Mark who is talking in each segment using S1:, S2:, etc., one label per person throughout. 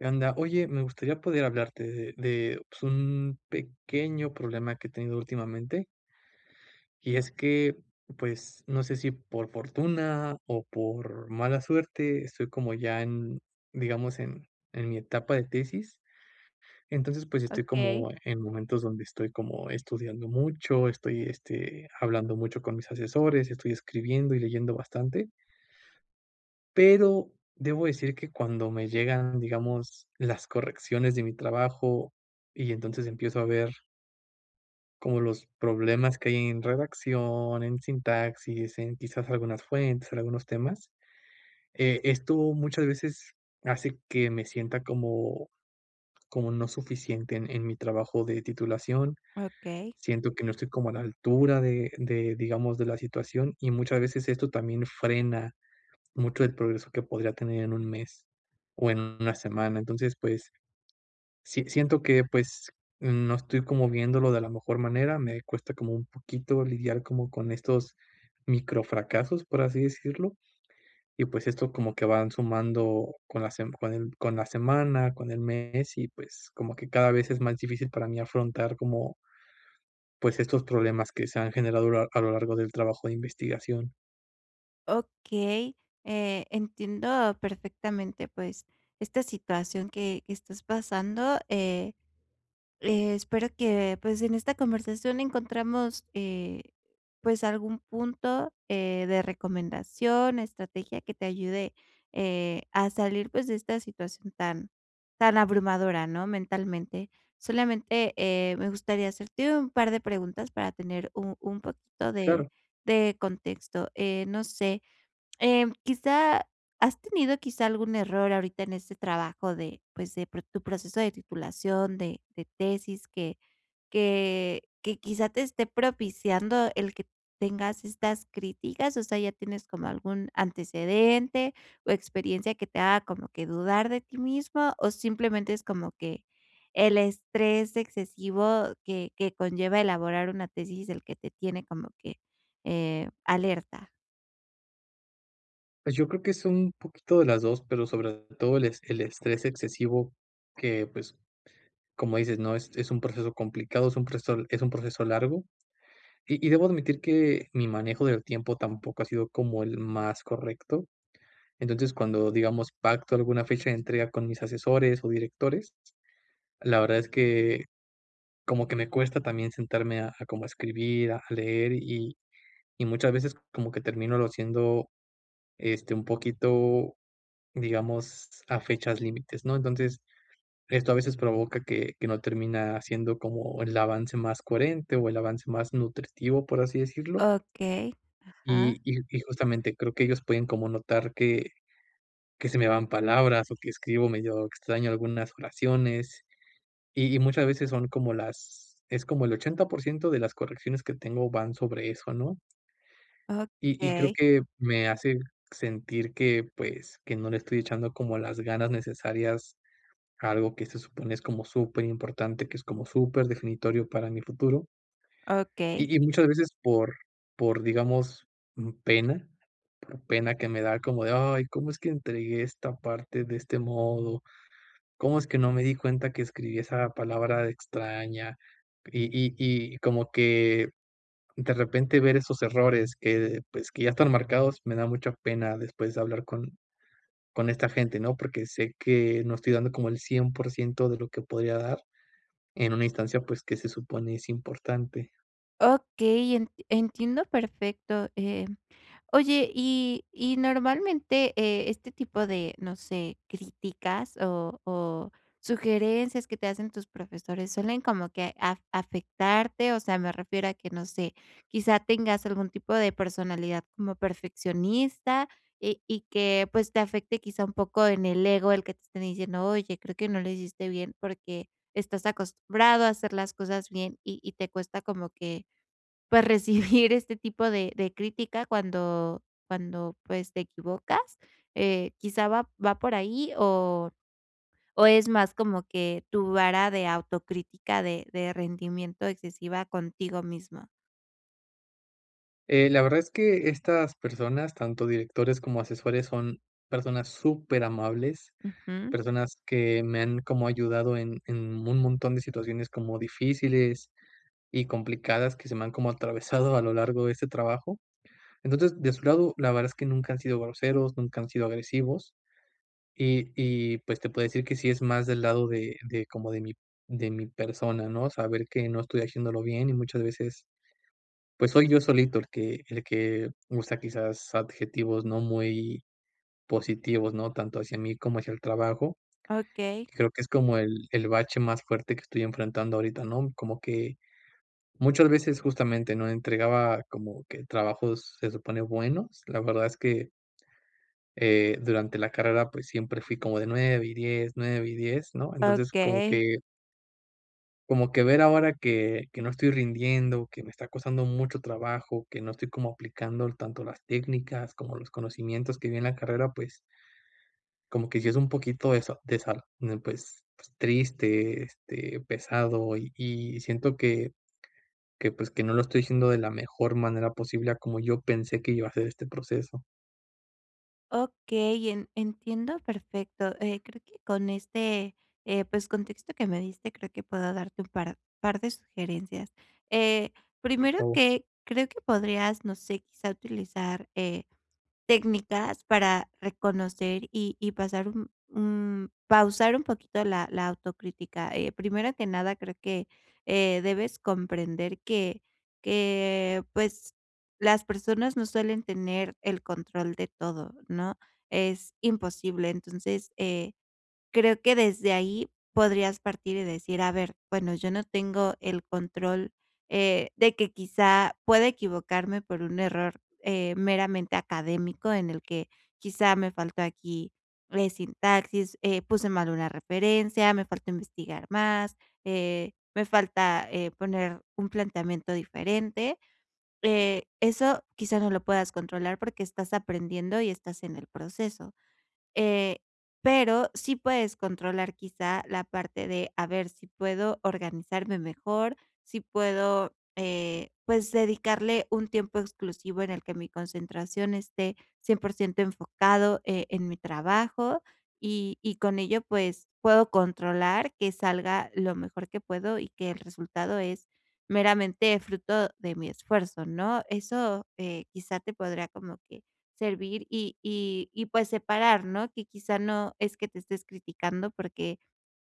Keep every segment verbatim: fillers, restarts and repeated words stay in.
S1: ¿Qué onda? Oye, me gustaría poder hablarte de de, pues, un pequeño problema que he tenido últimamente. Y es que, pues, no sé, si por fortuna, o por mala suerte, estoy como ya en, digamos, en en mi etapa de tesis. Entonces, pues, estoy
S2: Okey.
S1: como en momentos donde estoy como estudiando mucho, estoy, este, hablando mucho con mis asesores, estoy escribiendo y leyendo bastante. Pero debo decir que cuando me llegan, digamos, las correcciones de mi trabajo, y entonces empiezo a ver como los problemas que hay en redacción, en sintaxis, en, quizás, algunas fuentes, en algunos temas. Eh, esto muchas veces hace que me sienta como, como no suficiente en en mi trabajo de titulación.
S2: Okey.
S1: Siento que no estoy como a la altura de de, digamos, de la situación. Y muchas veces esto también frena mucho el progreso que podría tener en un mes, o en una semana. Entonces pues, si siento que, pues, no estoy como viéndolo de la mejor manera, me cuesta como un poquito lidiar como con estos microfracasos, por así decirlo. Y pues, esto como que van sumando con la sem con el con la semana, con el mes. Y pues, como que cada vez es más difícil para mí afrontar como pues, estos problemas que se han generado a lo lo largo del trabajo de investigación.
S2: Okey. Eh, entiendo perfectamente, pues, esta situación que, que estás pasando, eh, espero que, pues, en esta conversación encontremos, eh, pues, algún punto, eh, de recomendación, estrategia que te ayude, eh, a salir, pues, de esta situación tan tan abrumadora, ¿no?, mentalmente. Solamente, eh, me gustaría hacerte un par de preguntas, para tener u un poquito de
S1: Claro.
S2: de contexto. Eh, no sé, em, quizá ¿has tenido quizá algún error ahorita en este trabajo de, pues, de pro tu proceso de titulación de de tesis que que que, quizá, te esté propiciando el que tengas estas críticas. O sea, ya tienes como algún antecedente, o experiencia que te haga como que dudar de ti mismo, o simplemente es como que el estrés excesivo, que que conlleva elaborar una tesis el que te tiene como que, eh, alerta?
S1: Pues, yo creo que, es un, poquito de las dos, pero sobre todo el es el estrés excesivo, que, pues, como dices, ¿no?, es es un proceso complicado, es un proceso, es un proceso largo. Y y debo admitir que, mi manejo del tiempo tampoco ha sido como el más correcto. Entonces, cuando digamos pacto alguna fecha de entrega con mis asesores, o directores, la verdad es que, como que me cuesta también sentarme a a como a escribir, a leer, y y muchas veces como que termínolo haciendo, este, un poquito, digamos a fechas límites, ¿no? Entonces esto a veces provoca que que no termina siendo como el avance más coherente, o el avance más nutritivo, por así decirlo
S2: Okey, ajá.
S1: y y y justamente creo que, ellos pueden como notar que, que se me van palabras, o que escribo medio extraño algunas oraciones. Y y muchas veces son como las es como el ochenta por ciento de las correcciones que tengo, van sobre eso, ¿no? y y creo
S2: Okey.
S1: que, me hace sentir que, pues, que no le estoy echando como las ganas necesarias, a algo que se supone es como superimportante, que es como superdefinitorio para mi futuro
S2: Okey.
S1: y y muchas veces por, por, digamos, pena, por pena que me da como de: "Ay, ¿cómo es que entregué esta parte de este modo?, ¿cómo es que no me di cuenta que escribí esa palabra de extraña?". Y y y, como que, de repente ver esos errores que, pues que, ya están marcados, me da mucha pena después de hablar con con esta gente, ¿no? Porque sé que, no estoy dando como el cien por ciento de lo que podría dar, en una instancia, pues, que se supone es importante.
S2: Okey, en entiendo perfecto, eh. Oye, y y normalmente, eh, este tipo de, no sé, críticas, o o sugerencias que te hacen tus profesores, ¿suelen como que af afectarte? O sea, me refiero a que no sé, quizá, tengas algún tipo de personalidad como perfeccionista, eh, y que, pues, te afecte, quizá, un poco en el ego, el que te estén diciendo: "Oye, creo que no lo hiciste bien". Porque estás acostumbrado a hacer las cosas bien, y y te cuesta como que, pues, recibir este tipo de de crítica cuando cuando, pues, te equivocas. Eh, quizá, va va por ahí, o, o es más como que tu vara de autocrítica de de rendimiento excesiva contigo misma.
S1: Eh, la verdad es que estas personas, tanto directores como asesores, son personas superamables.
S2: Ujú.
S1: Personas que me han como ayudado en en un montón de situaciones como difíciles y complicadas que se me han como atravesado a lo largo de este trabajo. Entonces, de su lado, la verdad es que nunca han sido groseros, nunca han sido agresivos, y y, pues, te puedo decir que sí es más del lado de de como de mi de mi persona, ¿no? Saber que no estoy haciéndolo bien y muchas veces, pues soy yo solito el que el que usa, quizás, adjetivos no muy positivos, ¿no?, tanto hacia mí como hacia el trabajo.
S2: Okey.
S1: Creo que es como el el bache más fuerte que estoy enfrentando ahorita, ¿no? Como que, muchas veces, justamente, ¿no?, entregaba como que trabajos se supone buenos. La verdad es que eh, durante la carrera. Pues, siempre fui como de nueve y diez, nueve y diez, ¿no? Entonces como
S2: Okey.
S1: que Como que ver ahora que que no estoy rindiendo, que me está costando mucho trabajo, que no estoy como aplicando tanto las técnicas como los conocimientos que vi en la carrera, pues como que si es un poquito de eso, de sal, ¿no? Pues, pues triste, este, pesado, y y siento que que, pues, que no lo estoy haciendo de la mejor manera posible a como yo pensé que iba a ser este proceso.
S2: Okey, en entiendo perfecto, eh, creo que con este, eh, pues, contexto que me diste, creo que puedo darte un par, par de sugerencias. Eh,
S1: Por
S2: primero
S1: favor.
S2: que creo que podrías, no sé, quizá, utilizar, eh, técnicas para reconocer, y y pasar un un pausar un poquito la la autocrítica. Eh, primero que nada, creo que, eh, debes comprender que que pues, las personas no suelen tener el control de todo, ¿no? Es imposible. Entonces, eh, creo que desde ahí podrías partir, y decir: "A ver, bueno, yo no tengo el control, eh, de que, quizá, pueda equivocarme por un error, eh, meramente académico en el que, quizá, me faltó aquí, eh, sintaxis, eh, puse mal una referencia, me falta investigar más, eh, me falta, eh, poner un planteamiento diferente". Eh, eso quizás no lo puedas controlar, porque estás aprendiendo y estás en el proceso. Eh, pero sí puedes controlar, quizá, la parte de a ver si puedo organizarme mejor, si puedo, eh, pues, dedicarle un tiempo exclusivo en el que mi concentración esté cien por ciento enfocado, eh, en mi trabajo. Y y con ello, pues, puedo controlar que salga lo mejor que puedo, y que el resultado es meramente fruto de mi esfuerzo, ¿no? Eso, eh, quizá te podría como que servir, y y y pues, separar, ¿no?, que, quizá, no es que te estés criticando, porque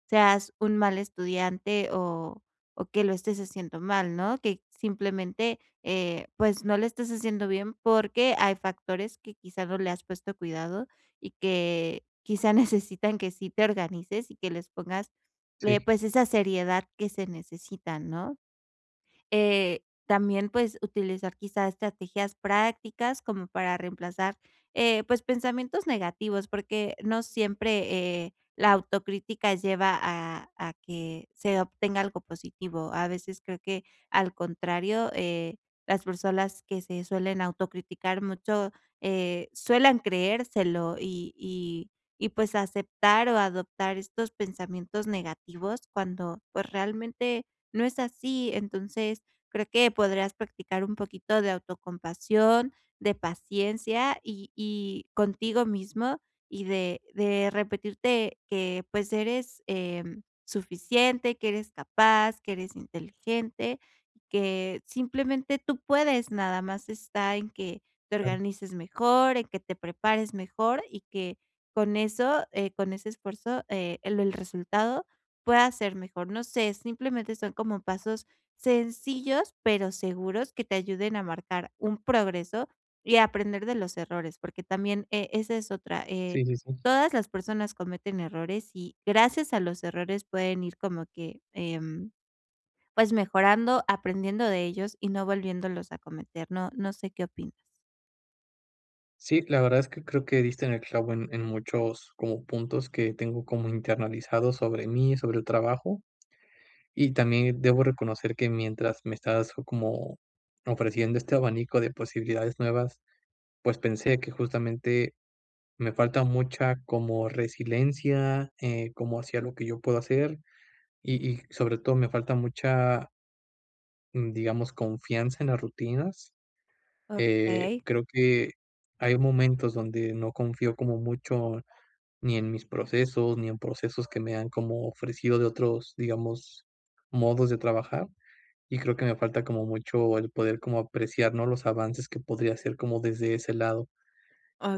S2: seas un mal estudiante, o o que lo estés haciendo mal, ¿no? Que simplemente, eh, pues, no lo estés haciendo bien, porque hay factores que, quizá, no le has puesto cuidado y que, quizá, necesitan que sí te organices, y que les pongas, eh,
S1: Sí.
S2: pues, esa seriedad que se necesita, ¿no? Eh, también, pues, utilizar, quizá, estrategias prácticas como para reemplazar, eh, pues, pensamientos negativos, porque no siempre, eh, la autocrítica lleva a a que se obtenga algo positivo. A veces creo que, al contrario, eh, las personas que se suelen autocriticar mucho, eh, suelen creérselo. Y y y pues, aceptar, o adoptar estos pensamientos negativos cuando, pues, realmente no es así. Entonces, creo que podrías practicar un poquito de autocompasión, de paciencia y y contigo mismo y de de repetirte que, pues, eres, eh, suficiente, que eres capaz, que eres inteligente, que simplemente tú puedes. Nada más está, en que te
S1: Claro.
S2: organices mejor, en que te prepares mejor y que con eso, eh, con ese esfuerzo, eh, el el resultado pueda ser mejor. No sé, simplemente son como pasos sencillos, pero seguros, que te ayuden a marcar un progreso, y a aprender de los errores, porque también, eh, esa es otra. Eh,
S1: Sí, sí, sí.
S2: todas las personas cometen errores. Y gracias a los errores pueden ir como que, em, pues, mejorando, aprendiendo de ellos y no volviéndolos a cometer, ¿no? No sé qué opinas.
S1: Sí, la verdad es que, creo que, diste en el clavo en en muchos como puntos que tengo como internalizados sobre mí y sobre el trabajo. Y también debo reconocer que mientras me estás como ofreciendo este abanico de posibilidades nuevas, pues, pensé que justamente, me falta mucha como resiliencia, eh, como hacía lo que yo puedo hacer, y y sobre todo, me falta mucha mm, digamos confianza en las rutinas. Eh,
S2: Okey.
S1: creo que hay momentos donde no confío como mucho, ni en mis procesos, ni en procesos que me han como ofrecido de otros, digamos, modos de trabajar. Y creo que me falta como mucho el poder como apreciar, ¿no?, los avances que podría hacer como desde ese lado.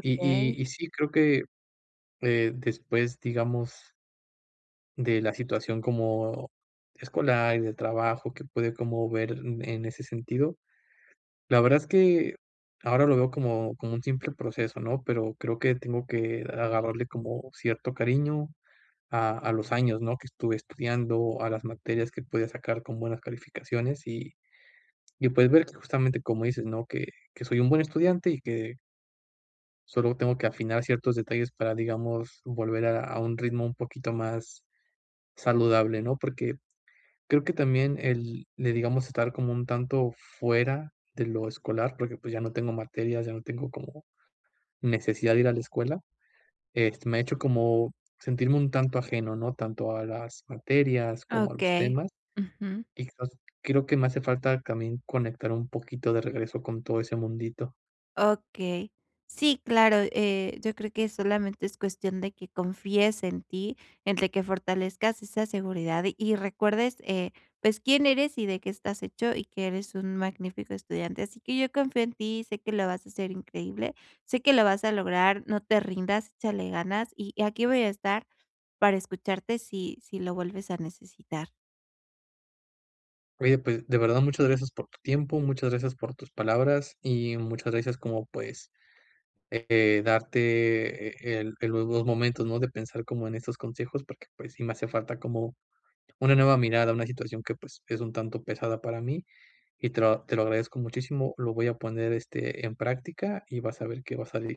S1: Y y y sí, creo que, eh, después, digamos de la situación como, escolar, y de trabajo que puede como ver en ese sentido, la verdad es que, ahora lo veo como, como un simple proceso, ¿no?, pero creo que tengo que agarrarle como cierto cariño a a los años, ¿no?, que estuve estudiando, a las materias que pude sacar con buenas calificaciones, y, y, pues, ver que justamente como dices, ¿no?, que que soy un buen estudiante, y que Solo tengo que afinar ciertos detalles para, digamos, volver a a un ritmo un poquito más saludable, ¿no? Porque creo que también el le digamos estar como un tanto fuera de lo escolar, porque, pues, ya no tengo materias, ya no tengo como necesidad de ir a la escuela. Este, me ha hecho como sentirme un tanto ajeno, ¿no?, tanto a las materias, como a los
S2: Okey.
S1: temas,
S2: Ujú.
S1: y los creo que me hace falta también conectar un poquito de regreso con todo ese mundito.
S2: Okey. Sí, claro, eh, yo creo que solamente es cuestión de que confíes en ti, en de que fortalezcas esa seguridad. Y recuerdes, eh, pues, quién eres, y de qué estás hecho, y que eres un magnífico estudiante. Así que yo confío en ti, y sé que lo vas a hacer increíble, sé que lo vas a lograr, no te rindas, échale ganas y aquí voy a estar para escucharte si si lo vuelves a necesitar.
S1: Oye, pues, de verdad, muchas gracias por tu tiempo, muchas gracias por tus palabras, y muchas gracias como, pues, eh, darte, eh, el el los dos momentos, ¿no?, de pensar como en estos consejos. Porque, pues, sí me hace falta como una nueva mirada, una situación que, pues, es un tanto pesada para mí, y te lo te lo agradezco muchísimo, lo voy a poner, este, en práctica y vas a ver que va a salir.